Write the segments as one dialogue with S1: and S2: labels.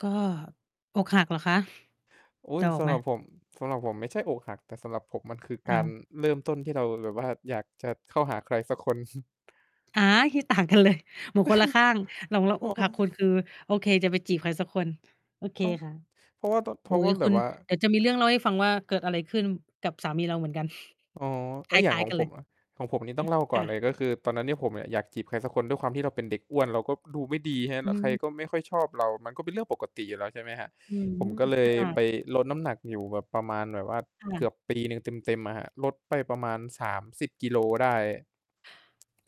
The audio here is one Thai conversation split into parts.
S1: ก็อกหักเหรอคะ?
S2: อุ๊
S1: เด
S2: ย
S1: าอ
S2: ส
S1: อก
S2: ำ
S1: ไห
S2: ห
S1: ม?
S2: รับผม สำหรับผมไม่ใช่อกหัก แต่สำหรับผมมันคือก
S1: อ้
S2: า
S1: า
S2: ร
S1: ว!
S2: เริ่มต้นที่เรา แบบว่า อยากจะเข้าหาใครสักคน
S1: อา คิดต่าง กันเลย เหมือนคนละข้าง หลงรัก
S2: อ
S1: อ
S2: ๋อ
S1: กหักคุณ คือ โอเค จะไปจีบใครสักคน โอเค
S2: อ๋อ
S1: ค่ะ
S2: เพราะว่าต้อ เพ
S1: โอ
S2: ร
S1: ๊
S2: าะว
S1: ย
S2: ่าแบ
S1: คุ
S2: บ
S1: ณ
S2: ว่า
S1: เดี๋ยวจะมีเรื่องเล่าให้ฟังว่าเกิดอะไรขึ้นกับสามีเราเหมือนกัน
S2: อ๋อ เฮ
S1: ค
S2: ้ย อย่า
S1: ล
S2: ง
S1: ้าย
S2: ขอ
S1: ๆ
S2: ง
S1: กันเ
S2: ผ
S1: ล
S2: ม
S1: ย
S2: อะ ของผมนี่ต้องเล่า
S1: อือ
S2: ก่
S1: ค
S2: อน
S1: ่
S2: เล
S1: ะ
S2: ย ก็คือตอนนั้นเนี่ย ผมอะอยากจีบใครสักคน ด้วยความที่เราเป็นเด็กอ้วน เราก็ดูไม่ดี ใช่ไหม
S1: อ
S2: แล้วใคร
S1: ืม
S2: ก็ไม่ค่อยชอบเรา มันก็เป็นเรื่องปกติอยู่แล้ว ใช่ไหมครับ
S1: อื้อ
S2: ผ
S1: ฮื
S2: ม
S1: อ
S2: ก็เล
S1: ค
S2: ย
S1: ่ะ
S2: ไปลดน้ำหนักอยู่แบบประมาณแบบว่า
S1: ค่
S2: เก
S1: ะ
S2: ือบปีหนึ่งเต็ม ๆ อะครับ ลดไปประมาณ 30 กิโลได้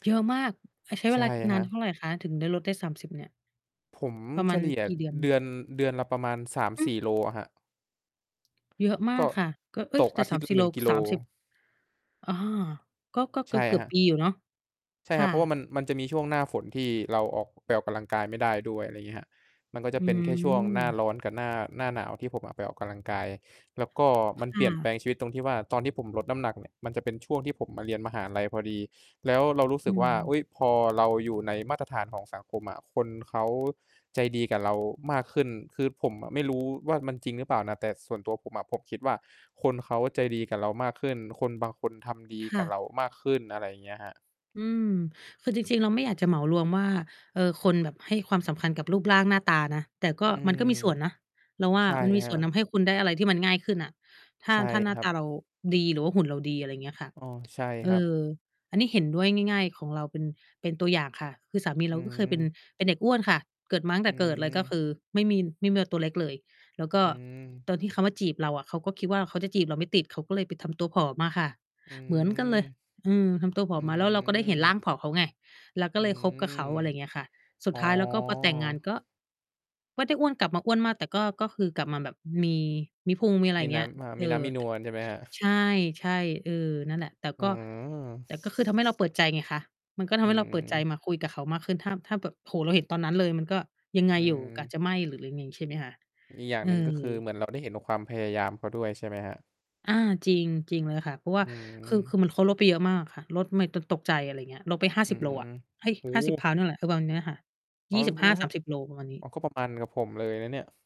S1: เยอะมาก อ่า ใช้เ
S2: ใช
S1: ว
S2: ่
S1: ลา
S2: ค
S1: นา
S2: รั
S1: นเท่
S2: บ
S1: าไรคะ? ถึงได้ลดได้ 30 เนี่ย
S2: ผม
S1: ประม
S2: เฉ
S1: าณ
S2: ลี่ย
S1: กี่เดือน?
S2: เดือน เดือนละประมาณ สาม
S1: อ
S2: ส
S1: ือ?
S2: ี่ โลอะครับ
S1: เยอะม
S2: ก
S1: า
S2: ็
S1: กค่ะ ก็ เอ๊
S2: ต
S1: ย
S2: ก
S1: แต
S2: อ
S1: ่
S2: าท
S1: ส
S2: ิ
S1: า
S2: ตย
S1: ม
S2: ์ล
S1: ส
S2: ะ
S1: ี่
S2: หน
S1: โ
S2: ึ
S1: ล
S2: ่ง กิโล
S1: 30 อา ก็ ก็เ
S2: ใช่
S1: กื
S2: ค
S1: อ
S2: ร
S1: บ
S2: ับ
S1: ๆ ปี อยู่เนาะ
S2: ใช่
S1: ค
S2: คร
S1: ่
S2: ับ เ
S1: ะ
S2: พราะว่ามัน มันจะมีช่วงหน้าฝนที่เราออก ไปออกกำลังกายไม่ได้ด้วย อะไรเงี้ยครับ มันก็จะ
S1: อ
S2: เป็นแค่ช่วงหน้า
S1: ืม
S2: ร้อนกับหน้า หน้าหนาวที่ผมอะไปออกกำลังกาย แล้วก็
S1: ค
S2: มันเป
S1: ่
S2: ลี่ยนแป
S1: ะ
S2: ลงชีวิตตรงที่ว่าตอนที่ผมลดน้ำหนักเนี่ย มันจะเป็นช่วงที่ผมมาเรียนมหาลัยพอดี แล้วเรารู้
S1: อ
S2: สึ
S1: ื
S2: กว่า
S1: ม
S2: อุ๊ย พอเราอยู่ในมาตรฐานของสังคมอะคนเขาใจดีกับเรามากขึ้น คือผมอะไม่รู้ว่ามันจริงหรือเปล่านะ? แต่ส่วนตัวผมอะผมคิดว่าคนเขาใจดีกับเรามากขึ้น คนบางคนทำดี
S1: ค
S2: ก
S1: ่
S2: ับ
S1: ะ
S2: เรามากขึ้น อะไรอย่างเงี้ยครับ
S1: อืม คือจริง ๆ เราไม่อยากจะเหมารวมว่า เออ คนแบบให้ความสำคัญกับรูปร่างหน้าตานะ แต่ก็
S2: อื
S1: มัน
S2: อ
S1: ก็มีส่วนนะ เราว่า
S2: ใช่
S1: มันมี
S2: คร
S1: ส
S2: ั
S1: ่วนท
S2: บ
S1: ำให้คุณได้อะไรที่มันง่ายขึ้นน่ะ ถ้า
S2: ใช่
S1: ถ้าหน้
S2: ค
S1: า
S2: รั
S1: ต
S2: บ
S1: าเราดีหรือว่าหุ่นเราดี อะไรเงี้ยค่ะ
S2: อ้อ ใช่
S1: เอ
S2: ครับ
S1: อ อันนี้เห็นด้วย ง่าย ๆ ของเราเป็น เป็นตัวอย่างค่ะ คือสามี
S2: อ
S1: เร
S2: ื
S1: าก็เคยเป็น
S2: ม
S1: เป็นเด็กอ้วนค่ะ เกิดมา ตั้งแ
S2: อ
S1: ต
S2: ื
S1: ่เกิดเลยก็ค
S2: ม
S1: ือไม่มี ไม่เมื่อตัวเล็กเลย แล้ว
S2: อ
S1: ก็
S2: ืม
S1: ตอนที่เขามาจีบเราอะเขาก็คิดว่าเขาจะจีบเราไม่ติด เขาก็เลยไปทำตัวผอมมาค่ะ
S2: อื
S1: เหมือนกันเล
S2: ม
S1: ย อืม ทำตัวผ
S2: อื
S1: อมมาแล้วเราก็ได้เห็นร่
S2: ม
S1: างผอมเขาไง เราก็
S2: อื
S1: เลยคบกับเขา
S2: ม
S1: อะไรเงี้ยค่ะ สุ
S2: อ
S1: ด
S2: ๋อ
S1: ท้ายแล้วก็พอแต่งงานก็ ก็ได้อ้วน กลับมาอ้วนมาก แต่ก็ ก็คือกลับมาแบบมี มีพุง มีอะไร
S2: ม
S1: อ
S2: ี
S1: ย่าง
S2: น
S1: เงี้
S2: ้
S1: ย
S2: ำ อ่า
S1: เอ
S2: มีน้
S1: อ
S2: ำมีน
S1: ต
S2: วลใช่ไหมครับ?
S1: ใช่ ๆ เออ นั่นแหละ แต่
S2: อื
S1: ก็
S2: อ
S1: แต่ก็คือทำให้เราเปิดใจไงคะ มันก็ท
S2: อื
S1: ำให้เราเปิดใจ
S2: อ
S1: มาคุยกับเขามากขึ้น ถ้า ถ้าแบบ โอ้โฮ เราเห็นตอนนั้นเลยมันก็ยังไง
S2: อื
S1: อยู่ กะ
S2: อ
S1: จะไม่หรือ หรือมีใช่ไหมคะ?
S2: อีกอย่าง
S1: เ
S2: ห
S1: อ
S2: นึ่ง ก็คือ
S1: อ
S2: เหมือนเราได้เห็นกับความพยายามเขาด้วย ใช่ไหมครับ
S1: อา จริง จริงเลยค่ะ เพราะว่
S2: อ
S1: า
S2: ื
S1: คือ คื
S2: ม
S1: อเหมือนเขาลดไปเยอะมากค่ะ ลดไม่ ตก ตกใจ อะไรเงี้ย ลดไป ห้า
S2: อื
S1: สิบ โลอะ
S2: ม
S1: เอ๊ย
S2: โอ้
S1: ห้า
S2: โ
S1: สิบ ปอนด
S2: ฮ!
S1: ์น่ะแหละ ประมาณเนี้ยอะค่ะ
S2: อ๋
S1: ย
S2: อ
S1: ี่สิบห
S2: เ
S1: ้
S2: หร
S1: า
S2: อค
S1: ส
S2: รั
S1: า
S2: บ?
S1: มสิบ โลประมาณนี
S2: อ๋อ
S1: ้
S2: ก็ประมาณกับผมเลยนะเนี่ย